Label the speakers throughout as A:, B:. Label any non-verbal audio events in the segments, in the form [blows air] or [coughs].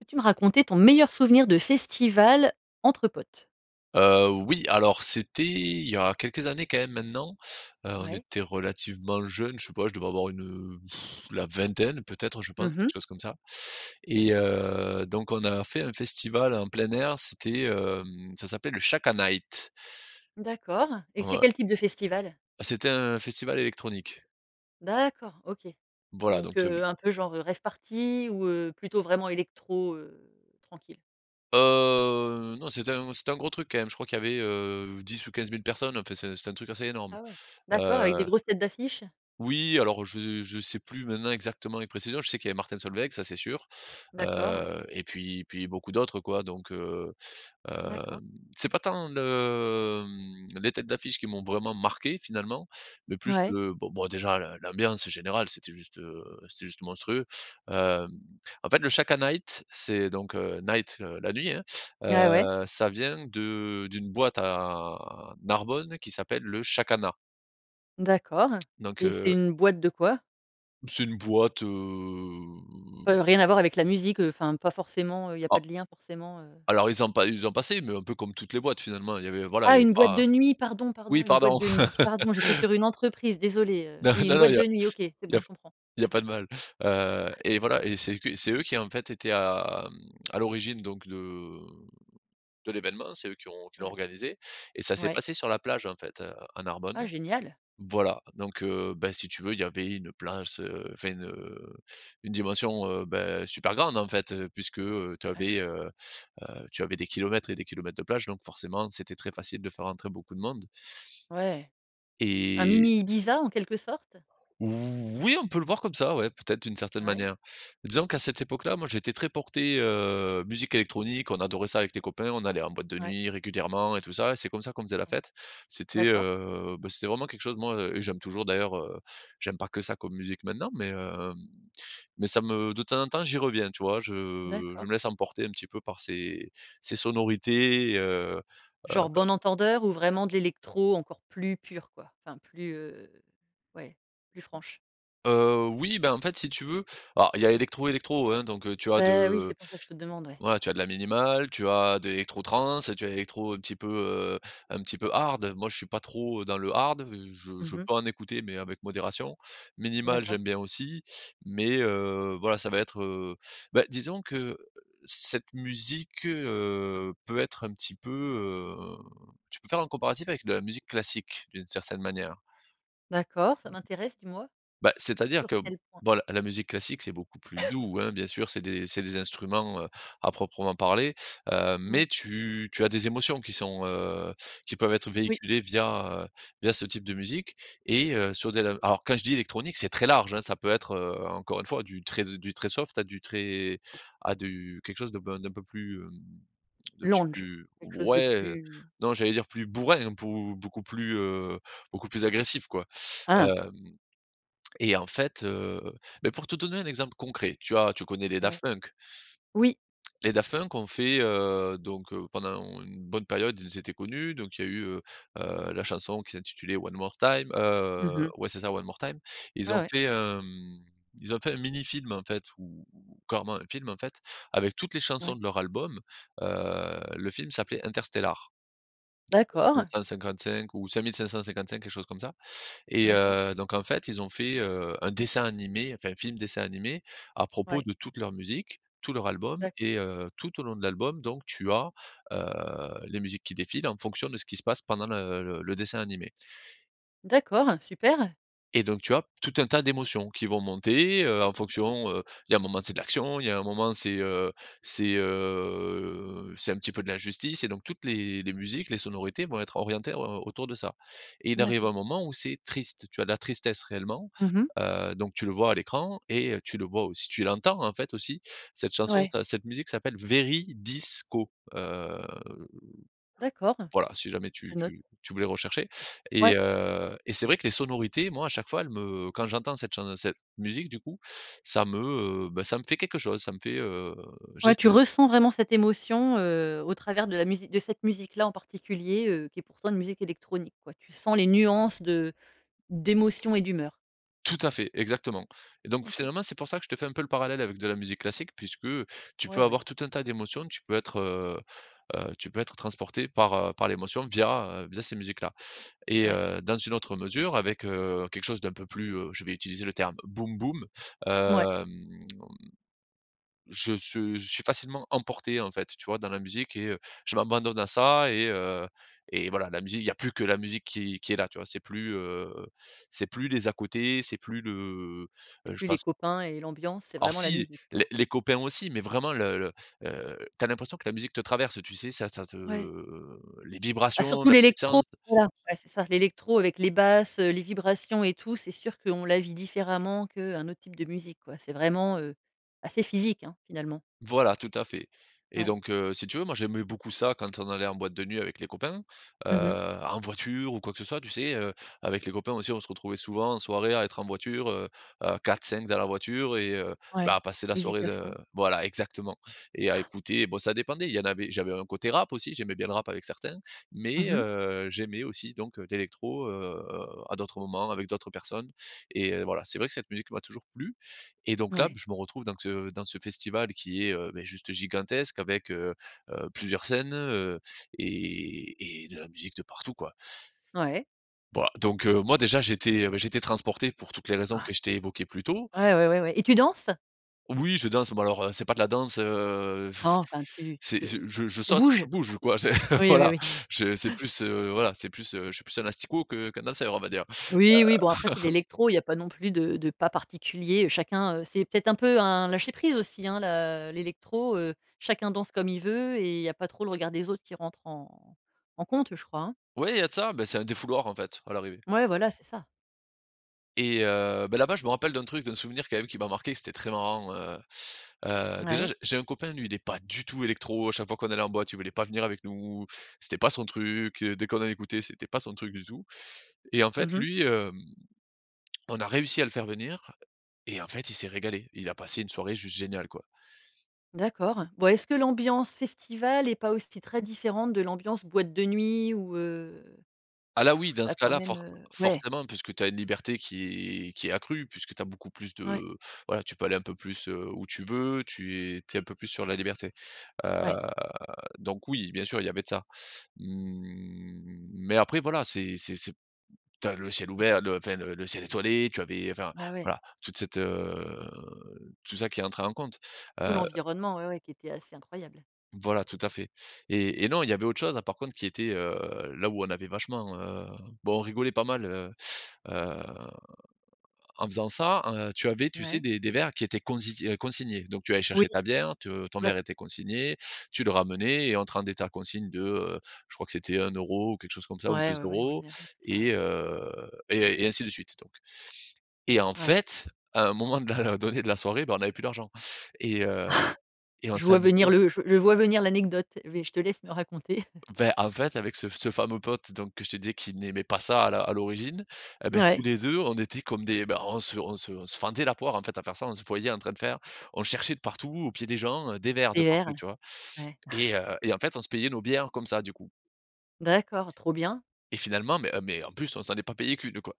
A: Peux-tu me raconter ton meilleur souvenir de festival entre potes?
B: Heu, oui, alors, c'était il y a quelques années quand même maintenant. Heu, on
A: Ouais.
B: était relativement jeune, je sais pas, je devais avoir une, heu, [blows air] la vingtaine peut-être, je
A: Mmh
B: pense, quelque
A: mh.
B: chose comme ça
A: Ouais.
B: et heu, donc on a fait un festival en plein air. C'était, hem, ça s'appelle le Shaka Night.
A: D'accord et c'est
B: Ouais.
A: quel type de festival?
B: C'était un festival électronique.
A: D'accord. OK.
B: Voilà,
A: Donc,
B: donc, tu as vu.
A: heu, un peu genre rave party ou, heu, plutôt, vraiment électro, heu, tranquille?
B: Heu, non, c'était un c'était un gros truc quand même. Je crois qu'il y avait, heu, 10 ou 15000 personnes. Enfin, c'est c'est un truc assez énorme,
A: Ah ouais. D'accord avec des
B: heu
A: grosses têtes d'affiche?
B: Oui alors, je je sais plus maintenant exactement les précisions. Je sais qu'il y avait Martin Solveig, ça c'est sûr,
A: D'accord, ouais.
B: heu et puis et puis beaucoup d'autres, quoi. Donc, heu, hem,
A: D'accord.
B: c'est pas tant le, mmh, les têtes d'affiche qui m'ont vraiment marqué. Finalement, le plus,
A: Ouais.
B: heu, bon bon, déjà, le l'ambiance générale, c'était juste, heu, c'était juste monstrueux, hem, en fait, le Shaka Night, c'est donc, heu, Night, le la nuit, hein,
A: Ouais, ouais.
B: heu, ça vient de d'une boîte à Narbonne qui s'appelle le Chakana.
A: D'accord
B: Donc,
A: et c'est
B: heu
A: une boîte de quoi?
B: C'est une boîte, heu
A: Heu, rien à voir avec la musique, enfin, pas forcément, heu, il y a pas
B: Ah.
A: de lien forcément, heu.
B: Alors, ils ont pas ils ont passé mais un peu comme toutes les boîtes, finalement. Il y avait, voilà, il y
A: Ah!
B: avait
A: Une boîte
B: pas, heu
A: de nuit, pardon, pardon,
B: oui,
A: une boîte
B: pardon?
A: de nuit, pardon. J'étais sur
B: [laughs]
A: une entreprise, désolée, heu.
B: Non,
A: Oui, une
B: non, non,
A: boîte
B: il y a
A: de nuit. OK. C'est
B: il y
A: bon,
B: a
A: je comprends.
B: il y a pas de mal, heu,
A: Ouai
B: et voilà et c'est que c'est eux qui, en fait, étaient à, mmh, à l'origine donc de, mmh, de l'événement. C'est eux qui ont qui l'ont
A: D'acc
B: organisé et ça s'est
A: Ouais.
B: passé sur la plage, en fait, heu, à
A: Ah
B: Narbonne.
A: génial!
B: Voilà, donc, heu, bah, si tu veux, il y avait une plage ce enfin, une, heu, une dimension, beh, super grande, en fait, heu, puisque, heu, tu
A: Ouais.
B: avais, heu heu, tu avais des kilomètres et des kilomètres de plage. Donc, forcément, c'était très facile de faire rentrer beaucoup de monde.
A: Ouais, un
B: Et
A: mini Ibiza, en quelque sorte?
B: Oui, on peut le voir comme ça, ouais, peut-être, d'une certaine
A: Ouais.
B: manière. Disons qu'à cette époque-là, moi, j'étais très porté, heu, musique électronique. On adorait ça avec les copains. On allait en boîte de
A: Ouais.
B: nuit régulièrement et tout ça et c'est comme ça qu'on faisait la fête. C'était,
A: D'accord.
B: heu, bah, c'était vraiment quelque chose, moi et j'aime toujours, d'ailleurs, heu, j'aime pas que ça, comme musique, maintenant, mais, hem, mais ça me de temps en temps, j'y reviens, tu vois? Je je
A: D'accord.
B: me laisse emporter un petit peu par ces ces sonorités et heu heu
A: Genre Bon Entendeur ou vraiment de l'électro encore plus pur, quoi. Enfin, plus, heu, ouais, plus franche.
B: Heu, oui, bah, en fait, si tu veux, alors il y a électro, électro, hein. Donc, heu, tu as
A: Beh, oui.
B: de
A: C'est pour ça que je te demande. Ouais.
B: voilà, tu as de la minimale, tu as de l'électro trance, tu as l'électro un petit peu, heu, un petit peu hard. Moi, je suis pas trop dans le hard. Je
A: Mmh
B: je
A: mh.
B: peux en écouter mais avec modération. Minimale,
A: D'accord.
B: j'aime bien aussi, mais, heu, voilà, ça va être, heu, bah, disons que cette musique, heu, peut être un petit peu, heu, tu peux faire un comparatif avec de la musique classique, d'une certaine manière.
A: D'accord, ça m'intéresse, dis-moi?
B: Bah, c'est-à-dire
A: Sur
B: que,
A: quels points?
B: bon, la musique classique, c'est beaucoup plus
A: [coughs]
B: doux, hein, bien sûr. C'est des c'est des instruments, heu, à proprement parler. Heu, mais
A: Ouais.
B: tu tu as des émotions qui sont, heu, qui peuvent être
A: Oui.
B: véhiculées via, heu, via ce type de musique et heu, sur de la alors, quand je dis électronique, c'est très large, hein. Ça peut être, heu, encore une fois, du très du très soft à du très à du quelque chose de, ben, d'un peu plus, mmh, d'un petit
A: Lounge,
B: peu
A: quelque chose de
B: ouais, heu.
A: plus.
B: Non, j'allais dire plus bourrin, pou beaucoup plus, heu, beaucoup plus agressif, quoi,
A: Ah!
B: hem et en fait, heu, bah, pour te donner un exemple concret, tu as tu connais les Daft
A: Ouais.
B: Punk?
A: Oui.
B: Les Daft Punk ont fait, heu, donc, heu, pendant on une bonne période, ils étaient connus. Donc, il y a eu, heu heu, la chanson qui s'intitulait One More Time,
A: Mmh
B: heu,
A: mh.
B: ouais, c'est ça One More Time.
A: Ouais,
B: Ils ont
A: ouais.
B: fait, hem, ils ont fait un mini film, en fait, ou ou carrément un film, en fait, avec toutes les chansons
A: Ouais.
B: de leur album, heu, le film s'appelait Interstella
A: D'accord.
B: 555 ou 5555 quelque chose comme ça et
A: D'accord.
B: heu, donc, en fait, ils ont fait, heu, un dessin animé, enfin, un film dessin animé à propos
A: Ouais.
B: de toute leur musique, tout leur album
A: D'accord.
B: et heu, tout au long de l'album donc tu as, heu, les musiques qui défilent en fonction de ce qui se passe pendant le le dessin animé
A: D'accord. Super!
B: et donc, tu as tout un tas d'émotions qui vont monter, heu, en fonction, heu, il y a un moment, c'est de l'action, il y a un moment, c'est, heu, c'est, heu, c'est un petit peu de l'injustice et donc, toutes les les musiques, les sonorités vont être orientées en au autour de ça et il arrive
A: D'accord.
B: un moment où c'est triste. Tu as de la tristesse réellement,
A: Mmh mh.
B: heu, donc tu le vois à l'écran et heu, tu le vois aussi, tu l'entends, en fait, aussi, cette chanson,
A: Ouais.
B: sa cette musique, s'appelle Veridis Quo, hem,
A: D'accord.
B: voilà, si jamais tu
A: Je note.
B: tu tu voulais rechercher et
A: Ouais.
B: heu et c'est vrai que les sonorités, moi, à chaque fois, elle me quand j'entends cette chan cette musique, du coup, ça me, heu, bah, ça me fait quelque chose, ça me fait, heu, j'ai
A: Ouais. Tu
B: ce
A: ressens vraiment cette émotion, heu, au travers de la musi de cette musique-là, en particulier, heu, qui est pourtant une musique électronique, ouais. Tu sens les nuances de d'émotion et d'humeur.
B: Tout à fait, exactement et donc,
A: OK.
B: finalement, c'est pour ça que je te fais un peu le parallèle avec de la musique classique puisque tu
A: Ouais,
B: peux
A: ouais.
B: avoir tout un tas d'émotions. Tu peux être, heu heu, tu peux être transporté par, heu, par l'émotion via, heu, via, ces musiques-là et
A: Ouais.
B: heu, dans une autre mesure avec, heu, quelque chose d'un peu plus, heu, je vais utiliser le terme boum boum,
A: Mouais.
B: hem, je ce je suis facilement emporté. En fait, tu vois, dans la musique et heu je m'abandonne à ça et heu, et voilà, la musique, il y a plus que la musique qui qui est là, tu vois? C'est plus, heu, c'est plus les à-côtés, c'est plus le
A: Et
B: je
A: plus les
B: pense
A: copains et l'ambiance. C'est
B: Alors,
A: vraiment la
B: si,
A: musique, quoi.
B: les les copains, aussi, mais, vraiment, le le, heu, tu as l'impression que la musique te traverse, tu sais? Ça, ça te
A: Ouais.
B: les
A: Ah
B: vibrations,
A: surtout
B: la
A: l'électro,
B: puissance.
A: voilà, ouais, c'est ça, l'électro avec les basses, heu, les vibrations et tout. C'est sûr qu'on la vit différemment qu'un autre type de musique, quoi. C'est vraiment, heu, assez physique, hein, finalement.
B: Voilà, tout à fait et
A: Ouais.
B: donc, heu, si tu veux, moi, j'aimais beaucoup ça, quand on allait en boîte de nuit avec les copains. Heu,
A: Mmh mh.
B: en voiture ou quoi que ce soit, tu sais, heu, avec les copains, aussi, on se retrouvait souvent en soirée à être en voiture, heu heu, 4-5 dans la voiture et heu, bah,
A: Ouais,
B: à passer la
A: musique
B: soirée
A: à
B: de
A: fond.
B: voilà, exactement et à
A: [chuckles]
B: écouter, bon, ça dépendait, il y en avait j'avais un côté rap aussi. J'aimais bien le rap avec certains
A: Mmh
B: mais,
A: mh.
B: heu, j'aimais aussi donc, heu, l'électro, heu, à d'autres moments avec d'autres personnes et heu, voilà, c'est vrai que cette musique m'a toujours plu et donc, là,
A: Ouais.
B: je me retrouve donc, heu, dans ce festival qui est, heu, beh, juste gigantesque avec, heu heu, plusieurs scènes, heu et et de la musique de partout, quoi.
A: Ouais.
B: Bah, donc, heu, moi, déjà, j'étais, bah, j'étais transporté pour toutes les raisons
A: Oua
B: que je t'ai évoquées plus tôt.
A: Ouais, ouais, ouais et tu danses?
B: Oui, je danse. Bon, alors, heu, c'est pas de la danse, heu,
A: Nan,
B: [blows air]
A: enfin, tu
B: c'est
A: te
B: je je je
A: tu
B: saute, je
A: bouges.
B: bouge, quoi, [laughs]
A: Oui, oui,
B: voilà.
A: oui.
B: Je c'est
A: Ouais
B: plus, heu, voilà, c'est plus, heu, je suis plus un asticot que qu'un danseur, on va dire,
A: Oui, oui, bon, après, c'est de
B: heu. [laughs]
A: l'électro. Il y a pas non plus de de pas particulier, heu. Chacun, heu, c'est peut-être un peu un lâcher prise aussi, hein, la l'électro, heu. Chacun danse comme il veut et il y a pas trop le regard des autres qui rentre en en compte, je crois, hein?
B: Oui, il y a de ça. Bah, c'est un défouloir, en fait, à l'arrivée.
A: Mouais, voilà, c'est ça.
B: Et heu, bah, là-bas je me rappelle d'un truc, d'un souvenir, quand même, qui m'a marqué, que c'était très marrant heu heu, déjà
A: Ouais.
B: je j'ai un copain, lui, il est pas du tout électro. À chaque fois qu'on allait en boîte, il voulait pas venir avec nous. C'était pas son truc, heu, dès qu'on en écoutait, c'était pas son truc du tout et en fait
A: Mmh mh.
B: lui, hem, on a réussi à le faire venir et en fait il s'est régalé. Il a passé une soirée juste géniale, quoi.
A: D'accord. Bon est-ce que l'ambiance festival est pas aussi très différente de l'ambiance boîte de nuit ou, heu?
B: Ah là oui,
A: [blows air]
B: dans ce
A: D'accord,
B: cas-là,
A: même,
B: for
A: heu ouais.
B: forcément puisque tu as une liberté qui est qui est accrue puisque tu as beaucoup plus
A: Ouais.
B: de voilà, tu peux aller un peu plus, heu, où tu veux, tu es tu es un peu plus sur la liberté, heu,
A: Ouais.
B: donc oui bien sûr il y avait de ça. Mmh, mais après voilà, c'est c'est c'est tu as le ciel ouvert, le enfin le le ciel étoilé. Tu avais enfin
A: Bah ouais.
B: voilà toute cette, heu, tout ça qui entrait en compte.
A: Tout
B: Heu
A: l'environnement, ouais, ouais, qui était assez incroyable.
B: voilà tout à fait et et non il y avait autre chose là par contre qui était, heu, là où on avait vachement, heu bon on rigolait pas mal, heu heu, en faisant ça, heu, tu avais tu sais
A: Ouais.
B: des des verres qui étaient conzi heu, consignés. Donc tu allais
A: Oui.
B: chercher ta bière, tu, heu, ton
A: Ouais.
B: verre était consigné, tu le ramenais et on te rendait ta consigne de, heu, je crois que c'était 1 € ou quelque chose comme ça, ou
A: Ouais,
B: deux
A: ouais, ouais, en
B: euros
A: général, c'est ça
B: et
A: ouais.
B: heu et et ainsi de suite donc et en
A: Ouais.
B: fait, à un moment de la donné de la soirée, bah, on avait plus d'argent et heu
A: [chuckles]
B: et on
A: Je vois venir
B: s'amusait
A: le je je vois venir l'anecdote, vé je te laisse me raconter. [chuckles]
B: Enfin, en fait, avec ce ce fameux pote donc que je te disais qu'il n'aimait pas ça à la à l'origine et ben tous
A: Mouais.
B: les 2 on était comme des ben on se on se on se fendait la poire en fait à faire ça, on se voyait en train de faire on cherchait de partout aux pieds des gens, heu, des verres de
A: Bière,
B: partout, tu vois?
A: ouais. [chuckles]
B: Et heu et en fait on se payait nos bières comme ça du coup.
A: D'accord, trop bien.
B: Et finalement ben, mais, en plus, on s'en est pas payé qu'1 quoi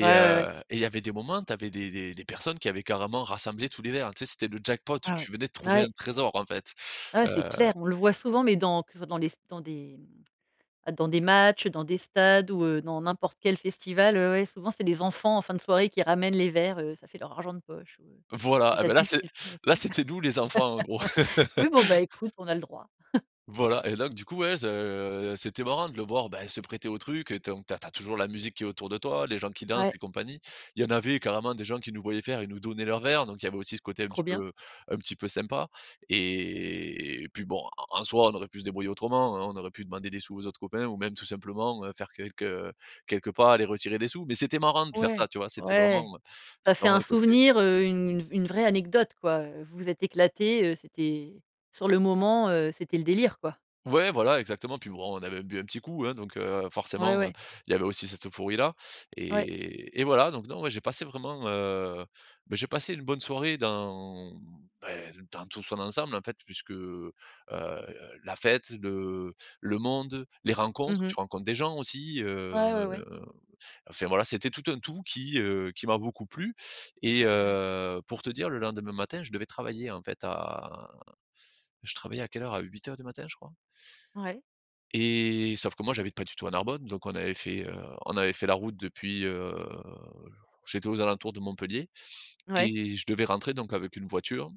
A: Ouais, ouais, ouais.
B: heu et il y avait des moments tu avais des des des personnes qui avaient carrément rassemblé tous les verres. Tu sais, c'était le jackpot,
A: Ah oui.
B: tu venais de trouver
A: Ouais.
B: un trésor en fait,
A: Ouais, c'est
B: heu
A: clair, on le voit souvent, mais dans toujours dans les s dans des mmh, bah, dans des matchs, dans des stades ou, heu, dans n'importe quel festival. Ouais, ouais, souvent, c'est des enfants, en fin de soirée, qui ramènent les verres, heu, ça fait leur argent de poche, heu.
B: Voilà,
A: Les
B: eh bah, là
A: adultes,
B: c'est
A: ils le font
B: là
A: aussi.
B: c'était nous les enfants, en gros.
A: [laughs] Oui, bon, bah, écoute,
B: [laughs]
A: on a le droit. [chuckles]
B: Voilà et donc du coup, ouais ce c'était marrant de le voir ben se prêter au truc et donc tu as tu as toujours la musique qui est autour de toi, les gens qui dansent
A: Ouais.
B: et compagnie. Il y en avait carrément des gens qui nous voyaient faire, ils nous donnaient leurs verres. Donc il y avait aussi ce côté un
A: Trop
B: petit
A: bien.
B: peu, heu, un petit peu sympa et et puis bon en en soi, on aurait pu se débrouiller autrement, hein, on aurait pu demander des sous aux autres copains ou même tout simplement, heu, faire quelques, heu, quelques pas, aller retirer des sous. Mais c'était marrant de faire ça,
A: Ouais,
B: tu vois? C'était
A: ouais.
B: vraiment, heu,
A: Ça
B: c'était
A: fait
B: vraiment
A: un
B: le côté
A: souvenir, heu, une une vraie anecdote quoi, heu, vous vous êtes éclatés, heu, c'était sur le moment, heu, c'était le délire, quoi.
B: Ouais voilà exactement et puis bon, on avait bu un petit coup, hein, donc, heu,
A: Ouais,
B: forcément, heu,
A: ouais.
B: il y avait aussi cette euphorie-là
A: Ouais.
B: et et voilà donc non, moi, j'ai passé vraiment, heu, bah, j'ai passé une bonne soirée dans, bah, dans tout son ensemble en fait puisque, heu, la fête, le le monde, les
A: Mmh
B: rencontres.
A: mh.
B: Tu rencontres des gens aussi, heu,
A: Ouais, ouais, ouais.
B: enfin, voilà, c'était tout un tout qui, heu, qui m'a beaucoup plu et
A: Ouais.
B: heu, pour te dire, le lendemain matin je devais travailler en fait à je travaillais à quelle heure? À 8:00 du matin, je crois.
A: Ouais.
B: Et sauf que moi j'habite pas du tout à Narbonne. Donc on avait fait, heu, on avait fait la route depuis, heu, je vou j'étais aux alentours de Montpellier
A: Ouais.
B: et je devais rentrer donc avec une voiture,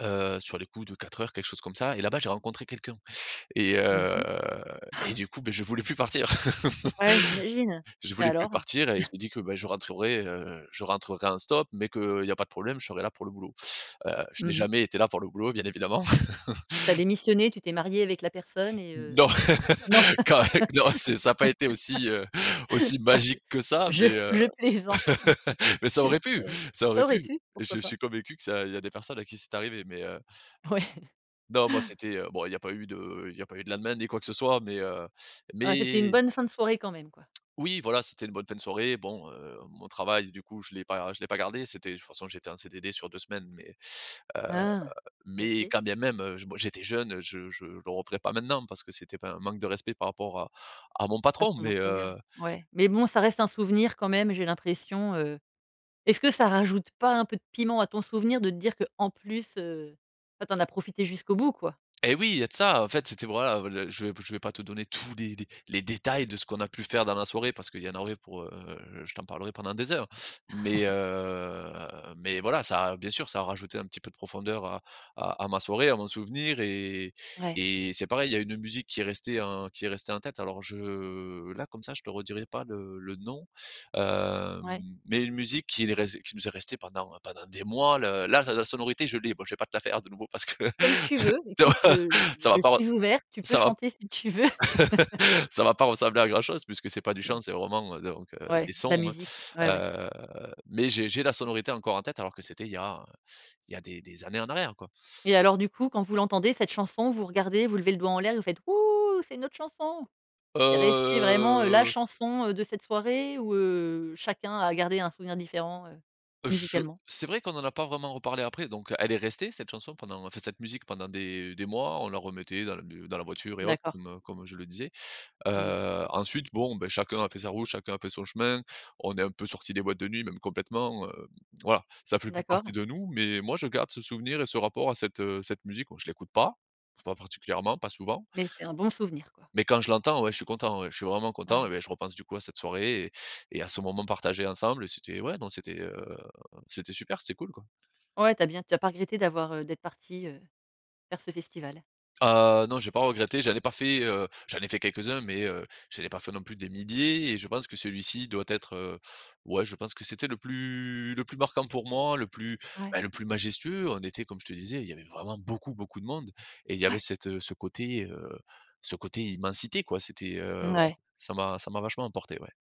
B: heu, sur les coups de 4:00 quelque chose comme ça et là-bas j'ai rencontré quelqu'un et
A: Mmh
B: heu
A: mh.
B: et
A: [chuckles]
B: du coup, bah, je voulais plus partir.
A: Ouais, j'imagine
B: [laughs] Je
A: et
B: voulais plus
A: alors?
B: partir et je
A: [chuckles]
B: me dis que, bah, je rentrerai, heu, je rentrerai en stop, mais qu'il y a pas de problème, je serai là pour le boulot, heu, je n'ai
A: Mmh mh.
B: jamais été là pour le boulot bien évidemment.
A: Tu as
B: [laughs]
A: démissionné, tu t'es marié avec la personne et heu,
B: Non,
A: non?
B: [laughs] quand eh qu non, c'est ça a pas été aussi, heu, aussi
A: [laughs] Je
B: magique que ça,
A: je
B: mais, heu,
A: je plaisante!
B: [laughs] mais ça aurait
A: Ça
B: pu,
A: aurait
B: ça aurait
A: ça aurait
B: pu
A: pu,
B: et je
A: pourquoi
B: je
A: pas?
B: suis convaincu que ça il y a des personnes à qui c'est arrivé, mais heu
A: Ouais.
B: non moi
A: [chuckles]
B: c'était, heu bon, il y a pas eu de il y a pas eu de de lendemain ni quoi que ce soit, mais, heu,
A: Ah, c'était une
B: mais
A: bonne fin de soirée quand même, quoi!
B: oui voilà, c'était une bonne fin de soirée, bon, heu, mon travail du coup je l'ai pas je l'ai pas gardé, c'était de toute façon j'étais en CDD sur 2 semaines mais, heu,
A: Ah.
B: mais
A: OK.
B: quand bien même, heu, bon, j'étais jeune, je je je le referai pas maintenant parce que c'était pas un manque de respect par rapport à à mon
A: À
B: patron
A: ton
B: mais,
A: employeur,
B: heu
A: ouais. Mais bon, ça reste un souvenir quand même, j'ai l'impression, heu est ce que ça rajoute pas un peu de piment à ton souvenir, de te dire qu'en plus, heu, ah tu en as profité jusqu'au bout quoi?
B: Et oui, il y a de ça, en fait, c'était voilà, heu, le je vais je vais pas te donner tous les dé les détails de ce qu'on a pu faire dans la soirée parce qu'il y en aurait pour, heu, je t'en parlerai pendant des heures. Mais,
A: [chuckles]
B: heu, mais voilà, ça a bien sûr ça a rajouté un petit peu de profondeur à à à ma soirée, à mon souvenir et
A: Ouais.
B: et c'est pareil, il y a une musique qui est restée en qui est restée en tête. Alors je là comme ça je te redirai pas le le nom, hem,
A: Ouais.
B: mais une musique qui est res qui nous est restée pendant pendant des mois, le là la sonorité je l'ai, bon je vais pas te la faire de nouveau parce que
A: Comme tu
B: ce
A: veux,
B: ça va
A: écoute je
B: [chuckles] ça va
A: je
B: pas re
A: suis ouverte, tu peux
B: ça va
A: chanter si tu veux! [laughs]
B: [laughs] ça va pas ressembler à grand chose puisque c'est pas du chant
A: Non?
B: c'est vraiment, heu, donc, heu, des
A: Ouais, de la
B: sons, hein,
A: musique, ouais, ouais.
B: heu, mais j'ai j'ai la sonorité encore en tête alors que c'était il y a, heu, il y a des des années en arrière, quoi.
A: Et alors du coup, quand vous l'entendez cette chanson, vous regardez, vous levez le doigt en l'air, vous faites: «Hou, c'est notre chanson!». C'est resté vraiment, heu, la
B: Heu
A: chanson, heu, de cette soirée ou, heu, chacun a gardé un souvenir différent, heu,
B: je
A: musicalement?
B: c'est vrai qu'on en a pas vraiment reparlé après. Donc, heu, elle est restée, cette chanson, pendant en fait cette musique pendant des des mois. On la remettait dans le b dans la voiture et autres
A: D'accord.
B: comme, heu, comme je le disais,
A: Mmh mh.
B: heu, ensuite bon, beh, chacun a fait sa route, chacun a fait son chemin, on est un peu sortis des boîtes de nuit, même complètement, hem, voilà. Ça fait plus partie
A: D'accord.
B: de nous, mais moi, je garde ce souvenir et ce rapport à cette, heu, cette musique, bon je l'écoute pas pas particulièrement, pas souvent
A: Mais c'est un bon souvenir, quoi?
B: mais quand je l'entends, ouais, je suis content ouais, je suis vraiment content
A: Ouais.
B: et beh, je repense du coup à cette soirée et et à ce moment partagé ensemble et c'était ouais non c'était, heu, c'était super, c'était cool quoi.
A: Ouais, tu as bien tu as pas regretté d'avoir, heu, d'être parti, heu, faire ce festival.
B: Heu, non, j'ai pas regretté, j'en ai pas fait, heu, j'en ai fait quelques-uns mais, heu, j'en ai pas fait non plus des milliers et je pense que celui-ci doit être, heu, ouais, je pense que c'était le plus le plus marquant pour moi, le plus,
A: Ouais.
B: bah, le plus majestueux. On était, comme je te disais, il y avait vraiment beaucoup, beaucoup de monde et il y avait
A: Ouais.
B: cette, heu, ce côté, heu, ce côté immensité quoi, c'était, heu,
A: Ouais.
B: ça m'a ça m'a vachement emporté, ouais.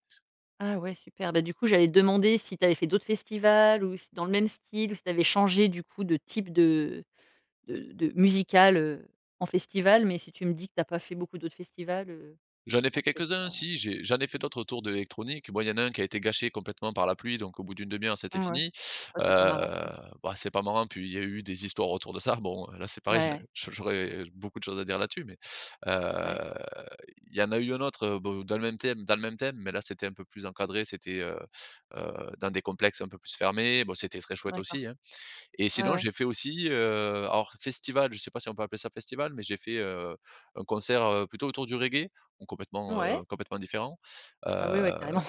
A: Ah ouais super, bah, du coup, j'allais te demander si tu avais fait d'autres festivals ou s dans le même style, si tu avais changé du coup de type de de de musical, heu, en festival? Mais si tu me dis que tu as pas fait beaucoup d'autres festivals, heu,
B: J'en ai
A: tu
B: fait
A: as peut être
B: quelques-uns.
A: pas
B: Si j'ai j'en ai fait d'autres autour de l'électronique. Bon, il y en a un qui a été gâché complètement par la pluie, donc au bout d'une demi-heure, c'était
A: Mouais.
B: fini,
A: Ouais,
B: heu,
A: c'est pas marrant, mmh.
B: bah, c'est pas marrant, puis il y a eu des histoires autour de ça, bon, heu, là, c'est pareil
A: Mouais, ouais.
B: j'au j'aurais, heu, beaucoup de choses à dire là-dessus mais,
A: Ouais.
B: heu, il y en a eu un autre, heu, bo dans le même thème dans le même thème mais là, c'était un peu plus encadré, c'était, heu heu, dans des complexes un peu plus fermés. Bon c'était très chouette
A: D'accord.
B: aussi, hein. Et
A: Ouais,
B: sinon
A: ouais.
B: j'ai fait aussi, heu, alors, festival, je sais pas si on peut appeler ça festival, mais j'ai fait, heu, un concert, heu, plutôt autour du reggae, bon complètement,
A: Mouais.
B: heu, complètement différent, heu,
A: Ah oui ouais, carrément!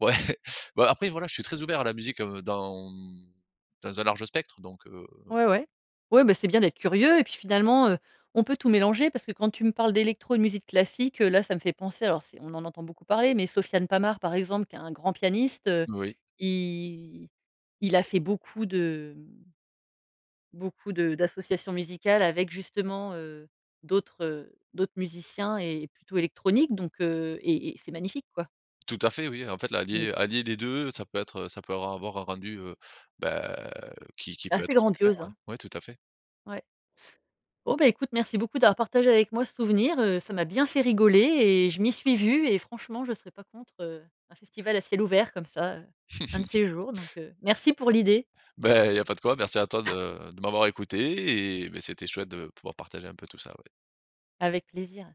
B: ouais, [chuckles] bon après, voilà, je suis très ouvert à la musique, heu, dans, mmh, dans un large spectre donc, heu
A: Ouais, ouais. Ouais, bah, c'est bien d'être curieux et puis finalement, heu, on peut tout mélanger parce que, quand tu me parles d'électro et de musique classique, heu, là, ça me fait penser, alors c'est on en entend beaucoup parler, mais Sofiane Pamart, par exemple, qui est un grand pianiste, heu,
B: Oui.
A: i il a fait beaucoup de, mmh, beaucoup de d'associations musicales, avec justement, heu, d'autres, heu, d'autres musiciens et plutôt électroniques, donc, heu, et et c'est magnifique, quoi.
B: Tout à fait oui. En fait
A: Mmh.
B: l'allier allier les 2, ça peut être ça peut ra avoir un rendu, heu, bah, qui qui peut
A: Assez
B: être super,
A: grandiose,
B: ouais.
A: hein.
B: Ouais, tout à fait.
A: Ouais. Oh bah, écoute, merci beaucoup d'avoir partagé avec moi ce souvenir, heu, ça m'a bien fait rigoler et je m'y suis vue et franchement, je serais pas contre, heu, un festival à ciel ouvert comme ça, heu, un de
B: [laughs]
A: ces jours, donc, heu, merci pour l'idée.
B: Bah, il y a pas de quoi! Merci à toi
A: [chuckles]
B: de de m'avoir écouté et beh, c'était chouette de pouvoir partager un peu tout ça, ouais.
A: Avec plaisir.